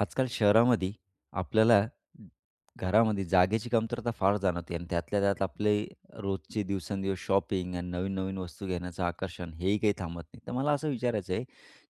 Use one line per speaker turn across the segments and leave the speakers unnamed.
आजकाल शहरामध्ये आपल्याला घरामध्ये जागेची कमतरता फार जाणवते आणि त्यातल्या त्यात आपले रोजचे दिवसेंदिवस शॉपिंग आणि नवीन-नवीन वस्तू घेण्याचं आकर्षण हेही काही थांबत नाही. तर मला असं विचारायचं आहे,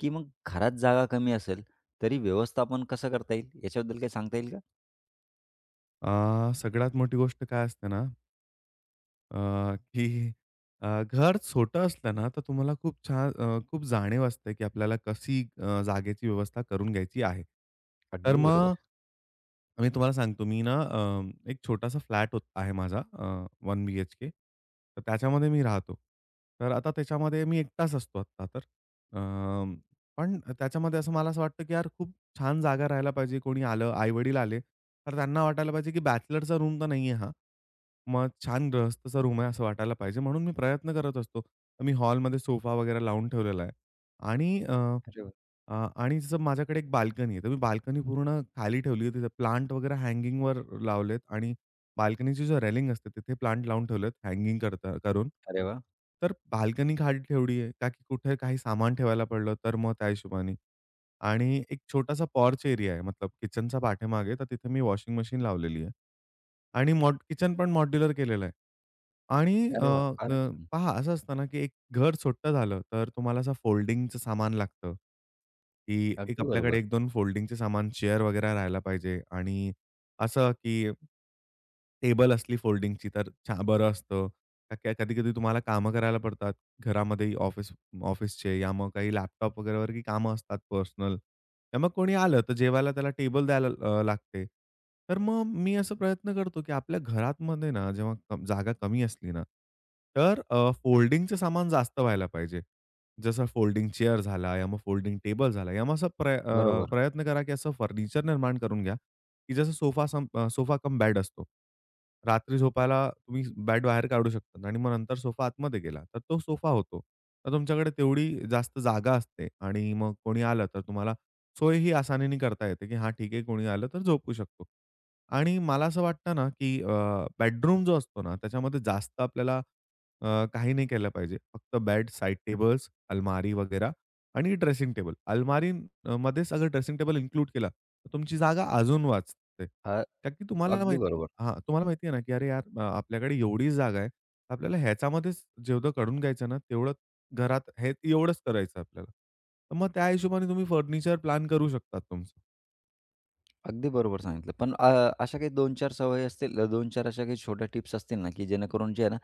की मग घरात जागा कमी असेल तरी व्यवस्थापन कसं करता येईल याच्याबद्दल काही सांगता येईल का?
अ, सगळ्यात मोठी गोष्ट काय असते, ना अ, की अ, घर छोटं असलं ना तर तुम्हाला खूप छान अ, खूप जाणीव असते, की आपल्याला कशी अ, जागेची व्यवस्था करून घ्यायची आहे. तर
अगदी
मग
बरोबर.
मी तुम्हाला सांगतो मी ना अ, एक छोटासा फ्लॅट होत आहे माझा अ, वन बीएचके तर त्याच्यामध्ये मी राहतो. तर आता त्याच्यामध्ये मी एकटाच असतो आता तर. अ, पण त्याच्यामध्ये असं मला असं वाटतं, की यार खूप छान जागा राहायला पाहिजे. कोणी आलं आई-वडील आले, तर त्यांना वाटायला पाहिजे, की "बॅचलरचा रूम तर नाहीये हा" मग छान गृहस्थाचा रूम आहे असं वाटायला पाहिजे म्हणून मी प्रयत्न करत असतो तर मी हॉलमध्ये सोफा वगैरे लावून ठेवलेला आहे आणि अ,
अरे वाह!
अ, आणि माझ्याकडे एक बाल्कनी आहे. तर मी बाल्कनी पूर्ण खाली ठेवली आहे तिथे प्लांट वगैरे हँगिंगवर लावलेत आणि बाल्कनीची जी रेलिंग असते तिथे प्लांट लावून ठेवलेत हँगिंग करता करून.
अरे वाह!
तर बाल्कनी घाट ठेवली आहे ताकी कुठे काही सामान ठेवायला पडलं तर मग त्या हिशोबाने. आणि एक छोटासा पॉर्च एरिया आहे मतलब किचनच्या पाठीमागे तर तिथे मी वॉशिंग मशीन लावलेली आहे आणि मॉड किचन पण मॉड्युलर केलेलं आहे आणि अ,
अरे वाह! फारच
अ,
छान.
पहा असं असतं ना, की एक घर छोटं झालं, तर तुम्हाला असं फोल्डिंगचं सामान लागतं, की एक
अगदी
आपल्याकडे
बरोबर.
एक-दोन फोल्डिंगचे सामान चेअर वगैरे राहायला पाहिजे आणि असं, की टेबल असली फोल्डिंगची तर छा बरं असतं. का की कधी-कधी तुम्हाला काम करायला पडतात घरामध्ये ऑफिस ऑफिसचे या मग काही लॅपटॉप वगैरेवर कामं असतात पर्सनल. तर मग कोणी आलं तर जेवायला त्याला टेबल द्यायला अ, लागते. तर मग मी असा प्रयत्न करतो, की आपल्या घरातमध्ये ना जेव्हा क जागा कमी असली ना तर अ, फोल्डिंगचं सामान जास्त व्हायला पाहिजे. जसं फोल्डिंग चेअर झाला या मग फोल्डिंग टेबल झाला. या मग असं प्र अ,
बरोबर.
प्रयत्न करा, की असं फर्निचर निर्माण करून घ्या, की जसं सोफा सम सोफा कम बेड असतो. रात्री झोपायला तुम्ही बेड बाहेर काढू शकतात आणि मग नंतर सोफा आतमध्ये गेला तर तो सोफा होतो. तर तुमच्याकडे तेवढी जास्त जागा असते आणि मग कोणी आलं तर तुम्हाला सोयही आसानीने करता येते, की हां ठीक आहे कोणी आलं तर झोपू शकतो. आणि मला असं वाटतं ना, की अ, बेडरूम जो असतो ना त्याच्यामध्ये जास्त आपल्याला अ, काही नाही केलं पाहिजे. फक्त बेड साइड टेबल्स अलमारी वगैरे आणि ड्रेसिंग टेबल अलमारीमध्ये सगळं ड्रेसिंग टेबल इन्क्लूड केला तर तुमची जागा अजून वाचते.
हा
नक्की तुम्हाला
अगदी
माहिती
बरोबर.
हां, तुम्हाला माहिती आहे ना, की अरे यार आपल्याकडे एवढीच जागा आहे आपल्याला ह्याच्यामध्येच जेवढं करुन घ्यायचं ना तेवढं घरात हे एवढंच करायचंय आपल्याला, तर मग त्या हिशोबाने तुम्ही फर्निचर प्लॅन करू शकता तुमचं.
अगदी बरोबर सांगितलं पण अ, अशा काही दोन-चार सवयी असतील दोन-चार अशा काही छोट्या टिप्स असतील ना, की जेणेकरून जे आहे ना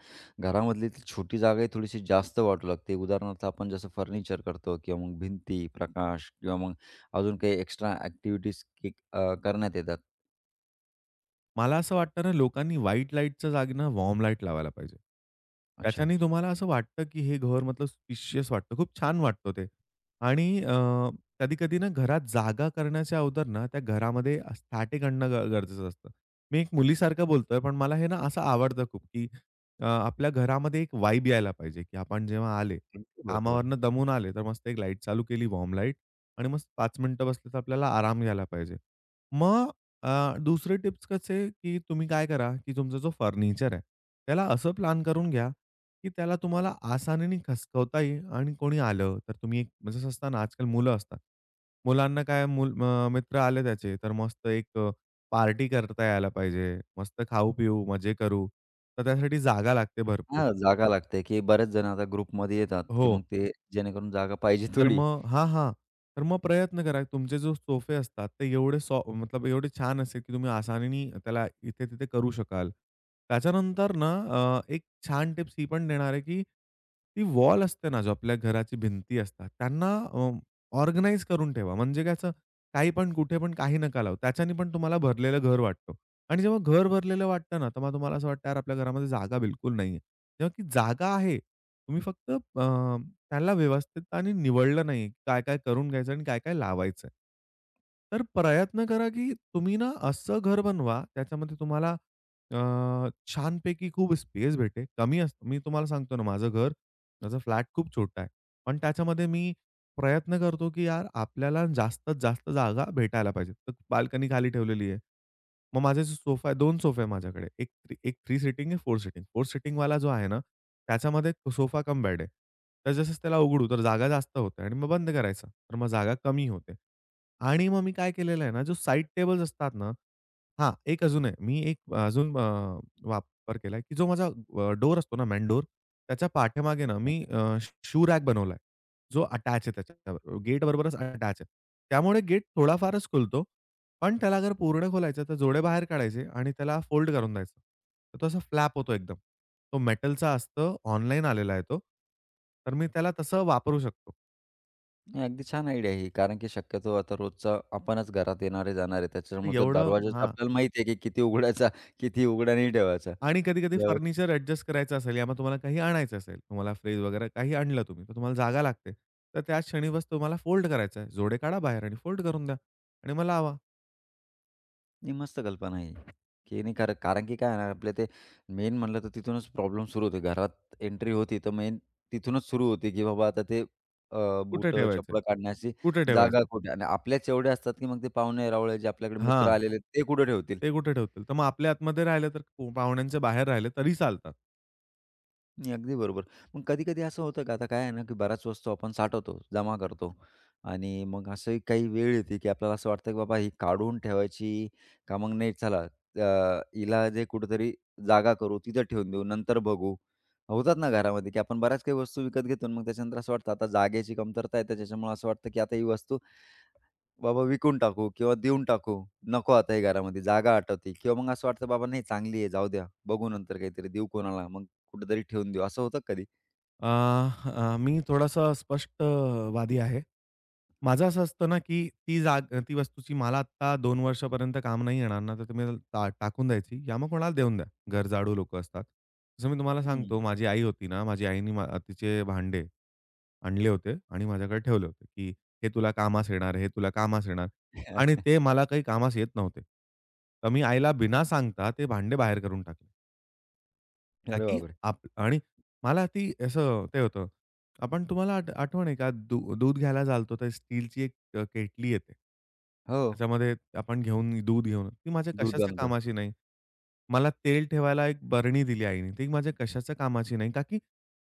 घरामधली छोटी जागाही थोडीशी जास्त वाटू लागते उदाहरणार्थ आपण जसं फर्निचर करतो किंवा मग भिंती प्रकाश किंवा मग अजून काही एक्स्ट्रा ॲक्टिव्हिटीज की अ, करण्यात येतात.
मला असं वाटतं ना लोकांनी व्हाईट लाईटच्या जागी ना वॉर्म लाईट लावायला पाहिजे.
अच्छा.
त्याच्याने तुम्हाला असं वाटतं, की हे घर मतलब स्पेशियस वाटतं खूप छान वाटतं ते आणि अ, कधी-कधी ना घरात जागा करण्याच्या अगोदर ना त्या घरामध्ये स्टॅटिक आणणं गरजेचं असतं. मी एक मुलीसारखं बोलतोय पण मला हे ना असं आवडतं खूप, की अ, आपल्या घरामध्ये एक वाइब यायला पाहिजे, की आपण जेव्हा आले
अगदी बरोबर.
कामावरनं दमून आले तर मस्त एक लाईट चालू केली वॉर्म लाईट आणि मस्त 5 मिनिटं बसलं तर आपल्याला आराम घ्यायला पाहिजे. मग अ, दुसरे टिप्स कसे, की तुम्ही काय करा, की तुमचा जो फर्निचर आहे त्याला असं प्लॅन करून घ्या, की त्याला तुम्हाला आसानीने खसकवता येईल आणि कोणी आलं तर तुम्ही [unintelligible] असतं ना आजकाल मुलं असतात. मुलांना काय मूल अ, मित्र आले त्याचे तर मस्त एक अ, पार्टी करता यायला पाहिजे, मस्त खाऊ-पिऊ, मजे करू तर त्यासाठी जागा लागते भरपूर.
हां, जागा लागते, की बरेच जण आता ग्रुपमध्ये येतात, की मग
हो.
ते जेणेकरून जागा पाहिजे
तर
थोडी.
मग हां, हां, तर मग प्रयत्न करा तुमचे जो सोफे असतात ते एवढे सो मतलब एवढे छान असेल, की तुम्ही आसानीने त्याला इथे-तिथे करू शकाल. त्याच्यानंतर ना अ, एक छान टिप्स ही पण देणार आहे, की ती वॉल असते ना जो आपल्या घराची भिंती असतात त्यांना अ, ऑर्गनाइज करून ठेवा म्हणजे काय असं काही पण कुठे पण काही नका लावू त्याच्याने पण तुम्हाला भरलेलं घर वाटतो आणि जेव्हा घर भरलेलं वाटतं ना तेव्हा तुम्हाला असं वाटतं आपल्या घरामध्ये जागा बिलकुल नाहीये. तेव्हा ती जागा आहे तुम्ही फक्त अ, त्याला व्यवस्थित आणि निवडलं नाहीये काय-काय करून घ्यायचं आणि काय-काय लावायचंय. तर प्रयत्न करा की तुम्ही ना असं घर बनवा त्याच्यामध्ये तुम्हाला अ, छानपैकी खूप स्पेस भेटेल कमी अस मी तुम्हाला सांगतो ना माझं घर माझा फ्लॅट खूप छोटा आहे. पण त्याच्यामध्ये मी प्रयत्न करतो, की यार आपल्याला जास्तीत-जास्त जागा भेटायला पाहिजे. तर बाल्कनी खाली ठेवलेली आहे. मग माझे सोफा आहे, 2 सोफा आहे माझ्याकडे एक एक 3 सीटिंग आहे 4 सिटिंग. 4 सिटिंग वाला जो आहे ना त्याच्यामध्ये सोफा कम बेड आहे. तर जसं त्याला उघडू तर जागा जास्त होते आणि मग बंद करायचं तर मग जागा कमी होते. आणि मग मी काय केलेलं आहे ना जो साइड टेबल्स असतात ना हां, एक अजून आहे मी एक अजून अ, वापर केलाय, की जो माझा डोअर असतो ना मेन डोअर त्याच्या पाठीमागे ना
अच्छा.
मी अ, शू शू रॅक बनवलाय. जो अटॅच आहे त्याच्या गेटबरोबरच अटॅच आहे. त्यामुळे गेट थोडा-फारच खुलतो पण त्याला अगर पूर्ण खोलायचं तर जोडे बाहेर काढायचे आणि त्याला फोल्ड करून द्यायचं. तर तो असा फ्लॅप होतो एकदम. तो मेटलचा असतो ऑनलाइन आलेला आहे तो. तर मी त्याला तसं वापरू शकतो.
अगदी छान आयडिया आहे ही कारण की शक्यतो आता रोजचा आपणच घरात येणार आहे, जाणार आहे.
तर
त्याच्यामुळे तर
एवढं
दरवाजाचा
हां.
आपल्याला माहीत आहे, की किती उघडायचा, किती उघड नाही ठेवायचा.
आणि कधी-कधी
ज्यावेळी
फर्निचर अ‍ॅडजस्ट करायचं असेल या मग तुम्हाला काही आणायचं असेल, तुम्हाला फ्रिज वगैरे काही आणलं तुम्ही, तर तुम्हाला जागा लागते, तर त्याक्षणी बस, तुम्हाला फोल्ड करायच आहे. जोडे काढा बाहेर आणि फोल्ड करून द्या आणि मग लावा.
ही मस्त कल्पना आहे की नाही कारण, कारण की काय आहे ना, आपलं ते मेन म्हटलं, तर तिथूनच प्रॉब्लेम सुरू होते. घरात एंट्री होती, तर मेन तिथूनच सुरू होती, की बाबा आता ते अ,
कुठे
बुटं,
ठेवायचंय,
चपला काढण्याची
कुठे
जागा
ठेवायचंय?
कुठे आणि आपल्याच एवढे असतात, की मग ते पाहुणे-रावळे, जे आपल्याकडे मित्र
हां.
आलेले आहेत, ते कुठं ठेवतील.
ते कुठे ठेवतील, तर मग आपल्या आतमध्ये राहिलं, तर पाहुण्यांचे बाहेर राहिले तरी चालतात.
नाही, अगदी बरोबर. मग कधी-कधी असं होतं, का आता काय आहे ना, की बऱ्याच वस्तू आपण साठवतो, जमा करतो आणि मग असंही काही वेळ येते, की आपल्याला असं वाटतं, की बाबा ही काढून ठेवायची का मग, नाही चला अ, हिला जे कुठेतरी जागा करू, तिथं ठेवून देऊ, नंतर बघू. होतात ना घरामध्ये, की आपण बऱ्याच काही वस्तू विकत घेतो आणि मग त्याच्यानंतर असं वाटतं, आता जागेची कमतरता येते. त्याच्यामुळं असं वाटतं, की आता ही वस्तू बाबा विकून टाकू किंवा देऊन टाकू. नको आता ही घरामध्ये, जागा आटवते किंवा मग असं वाटतं बाबा, नाही चांगली आहे जाऊ द्या. बघू नंतर काहीतरी देऊ कोणाला मग कुठेतरी ठेवून देऊ असं होतं कधी?
अ, अ, मी थोडासा स्पष्टवादी आहे. माझं असं असतं ना, की ती जा अ, ती वस्तूची मला आता 2 वर्षापर्यंत काम नाही येणार ना तर तुम्ही त्याला टा टाकून द्यायची या मग कोणाला देऊन द्या, गरजाळू लोकं असतात. जसं मी तुम्हाला
हं.
सांगतो माझी आई होती ना माझी आईने मा तिचे भांडे आणले होते आणि माझ्याकडे ठेवले होते, की "हे तुला कामास येणार, हे तुला कामास येणार." आणि ते मला काही कामास येत नव्हते, तर मी आईला बिना सांगता ते भांडे बाहेर करून टाकले.
अरे
ताकी
बाप रे!
आप आणि मला ती असं ते होतं, आपण तुम्हाला आठ आठवण आहे का? दू दूध घ्यायला चालतो तर स्टीलची एक अ, क केटली येते.
हो.
त्याच्यामध्ये आपण घेऊन दूध घेऊन ती माझ्या
दूध
कशाच्या
आणता.
कामाची नाही. मला तेल ठेवायला एक बरणी दिली आईनी, ती माझ्या कशाच्या कामाची नाही. का की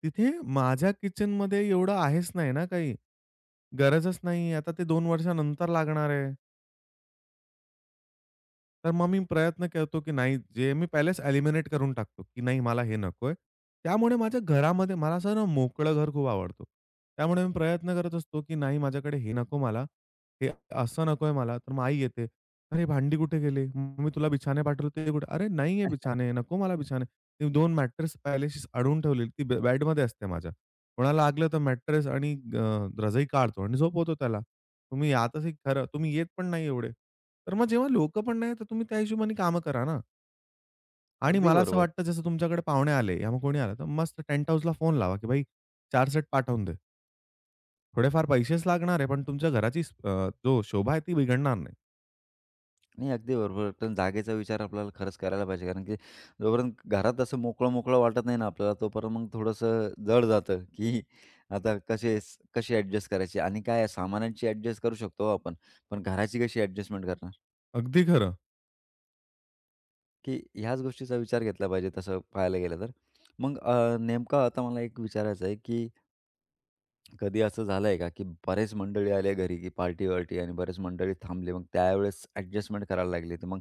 तिथे माझ्या किचनमध्ये एवढं आहेच नाही ना काही, गरजच नाही आता ते 2 वर्षानंतर लागणार आहे. तर मग मी प्रयत्न करतो, की नाही जे मी पहिलेच एलिमिनेट करून टाकतो, की नाही मला हे नकोय. त्यामुळे माझ्या घरामध्ये मला असं ना मोकळं घर खूप आवडतं. त्यामुळे मी प्रयत्न करत असतो, की नाही माझ्याकडे हे नको मला, हे असं नकोय मला तर मग आई येते, "अरे भांडी कुठे गेली? म मी तुला बिछाने पाठवले होते कुठे?" "अरे नाहीये बिछाने नको मला बिछाने." ती 2 मॅट्रेस पहिले अशीच अडवून ठेवलेली ती बेडमध्ये असते माझ्या. कोणाला लागलं तर मॅट्रेस आणि अ, रजई काढतो आणि झोपवतो त्याला. तुम्ही या तर सही खरं. तुम्ही येत पण नाही एवढे. तर मग जेव्हा लोक पण नाहीतर तुम्ही त्या हिशोबाने काम करा ना. आणि
अगदी
मला असं
बरोबर.
वाटतं, जसं तुमच्याकडे पाहुणे आले या मग कोणी आलं, तर मस्त टेंट हाउसला फोन लावा, की भाई, 4 सेट पाठवून दे. थोडेफार पैसेच लागणार आहे, पण तुमच्या घराची अ, जो शोभा आहे, ती बिघडणार नाही.
नाही, अगदी बरोबर. पण जागेचा विचार आपल्याला खरंच करायला पाहिजे कारण की जो पर्यंत घरात असं मोकळं-मोकळं वाटत नाही ना आपल्याला, तोपर्यंत मग थोडंसं जड जातं, की आता कसे-कसे अ‍ॅडजस्ट करायची आणि काय आहे सामानांची अ‍ॅडजस्ट करू शकतो हो आपण, पण घराची कशी अ‍ॅडजस्टमेंट करणार.
अगदी खरं.
की ह्याच गोष्टीचा विचार घेतला पाहिजे तसं पाहायला गेलं तर. मग अ, नेमकं आता मला एक विचारायचं आहे की कधी असं झालंय का, की बरेच मंडळी आल्या घरी की पार्टी-वार्टी आणि बरेच मंडळी थांबले. मग त्यावेळेस अ‍ॅडजस्टमेंट करायला लागली. तर मग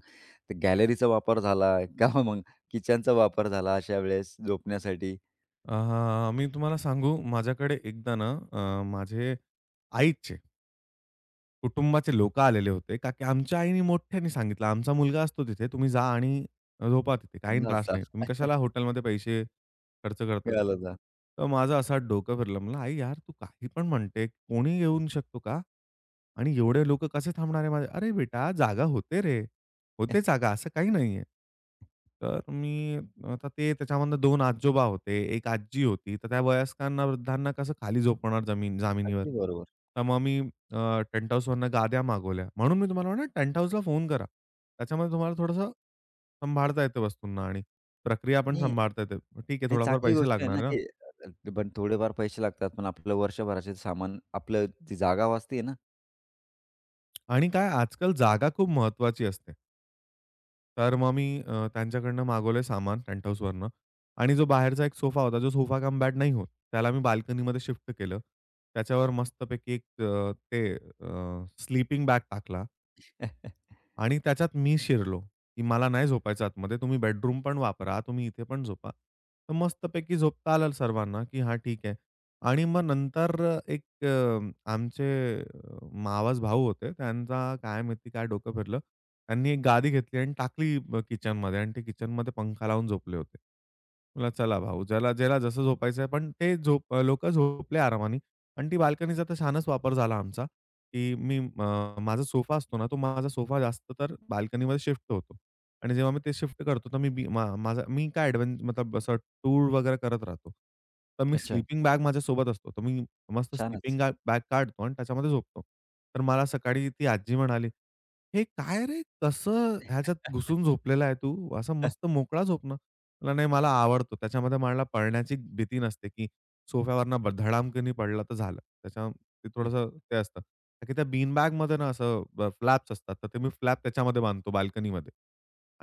गॅलरीचा वापर झाला का मग किचनचा वापर झाला अशा वेळेस झोपण्यासाठी?
अ, मी तुम्हाला सांगू, माझ्याकडे एकदा ना, अ माझे आईचे कुटुंबाचे लोकं आलेले होते का की आमच्या आईने मोठ्याने सांगितलं, आमचा मुलगा असतो तिथे, तुम्ही जा आणि झोपा तिथे काहीही
त्यांना
त्रास नाही. तुम्ही कशाला
[unintelligible]
हॉटेलमध्ये पैसे खर्च करतात.
मिळालं जा.
तर माझं असा डोकं फिरलं, म्हणला आई, यार! तू काही पण म्हणते. कोणी येऊ शकतो का? आणि एवढे लोकं कसे थांबणारे? माझे अरे बेटा, जागा होते रे! होते जागा, असं काही नाहीये. तर मी आता ते त्याच्यामधनं 2 आजोबा होते, एक आजी होती. तर त्या वयस्कर ना, वृद्धांना कसं खाली झोपवणार, जमीन जामिनीवर.
अगदी बरोबर.
तर मग मी अ, टेंटहाउसवरून गाद्या मागवल्या म्हणून मी तुम्हाला म्हणल, टेंटहाउसला फोन करा. त्याच्यामध्ये तुम्हाला थोडसं सांभाळता येते वस्तूंना आणि प्रक्रिया पण
नाही.
सांभाळता येते. मग ठीक आहे,
नाही,
थोडाफार
चांगली
पैसे
गोष्ट आहे
लागणार
ना,
आहे ना.
की अ, बट थोडेफार पैसे लागतात, पण आपलं वर्षभराचे सामान, आपलं ती जागा वाचते आहे ना.
आणि काय, आजकाल जागा खूप महत्वाची असते. तर मग, मी अ, त्यांच्याकडन मागवलं सामान पेंट हाऊसवरनं आणि जो बाहेरचा एक सोफा होता, जो सोफा कम बेड नाही होत, त्याला मी बाल्कनीमध्ये शिफ्ट केलं. त्याच्यावर मस्तपैकी एक अ, ते अ, स्लीपिंग बॅग टाकला. आणि त्याच्यात मी शिरलो, की मला नाही झोपायचं आतमध्ये तुम्ही बेडरूम पण वापरा, तुम्ही इथे पण झोपा. तर मस्तपैकी झोपता आलं सर्वांना की हां ठीक आहे. आणि मग नंतर अ, एक अ, आमचे मावस भाऊ होते. त्यांचा काय माहिती काय डोकं फिरलं. त्यांनी एक गादी घेतली आणि टाकली अ, किचनमध्ये आणि ते किचनमध्ये पंखा लावून झोपले होते. म्हणलं चला भाऊ, ज्याला ज्याला जसं झोपायचंय पण ते झोप लोक झोपले आरामाने आणि ती बाल्कनीचा तर छानच वापर झाला आमचा, की मी म माझा सोफा असतो ना, तो माझा सोफा जास्त तर बाल्कनीमध्ये शिफ्ट होतो आणि जेव्हा मी ते शिफ्ट करतो, तर मी बी मा माझा मी काय ॲडव्हें मतलब असं टूर वगैरे करत राहतो. तर मी
अच्छा.
स्लीपिंग बॅग माझ्यासोबत असतो. तर मी मस्त
छानच.
स्लीपिंग गा बॅग काढतो आणि त्याच्यामध्ये झोपतो. तर मला सकाळी ती आजी म्हणाली, "हे काय रे, कसं ह्याच्यात घुसून झोपलेला आहे तू असा मस्त मोकळा झोप ना." म्हटलं नाही, मला आवडतो त्याच्यामध्ये मला पडण्याची भीती नसते, की सोफ्यावरनं धडामकनी पडलं तर झालं. तसं ते थोडंसं ते असतं. तर तिथं बीन बॅगमध्ये ना असं अ, फ्लॅप्स असतात, तर ते मी फ्लॅप त्याच्यामध्ये बांधतो बाल्कनीमध्ये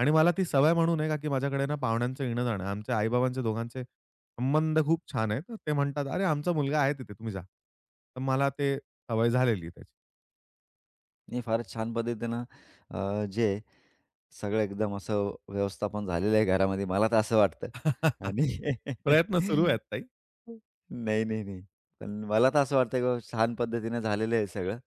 आणि मला ती सवय म्हणून आहे, का की माझ्याकडे पाहुण्यांचं येणं जाणं आहे. आमचे आई-बाबांचे दोघांचे संबंध खूप छान आहेत. ते म्हणतात, अरे, आमचा मुलगा आहे तिथे, तुम्ही जा. तर मला ते सवय झालेली आहे त्याची.
नाही फारच छान पद्धतीनं. अ, जे सगळं एकदम असं व्यवस्थापन झालेलं आहे. घरामध्ये मला का असं वाटतं, आणि.
प्रयत्न सुरू आहेत काही.
नाही, नाही, नाही. पण मला का असं वाटतं की बाबा, छान पद्धतीनं झालेलं आहे हे सगळं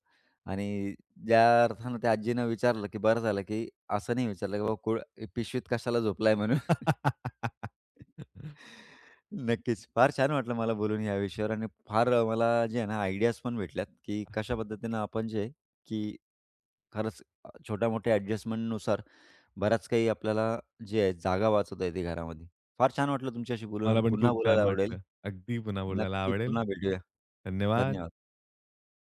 आणि ज्या अर्थाने त्या आज्जीनं विचारलं की बरं झालं की, असं नाही विचारलं की, बाबा कुळ पिशवीत कशाला झोपलाय म्हणून? नक्कीच. फार छान वाटलं मला बोलून ह्या विषयावर, आणि फार अ, मला जे आहे ना, आयडियाज पण भेटल्यात, की कशा पद्धतीनं आपण जे, की खरंच अ, छोट्या-मोठ्या ॲडजस्टमेंटनुसार बराच काही आपल्याला जे आहे, जागा वाचवता येते घरामध्ये. फार छान वाटलं तुमच्याशी बोलून आणि
मला पण
पुन्हा
खूप
बोलायला
छान
आवडेल.
वाटलं. अगदी पुन्हा बोलायला
नक्की
आवडेल.
पुन्हा भेटूया.
धन्यवाद.
धन्यवाद.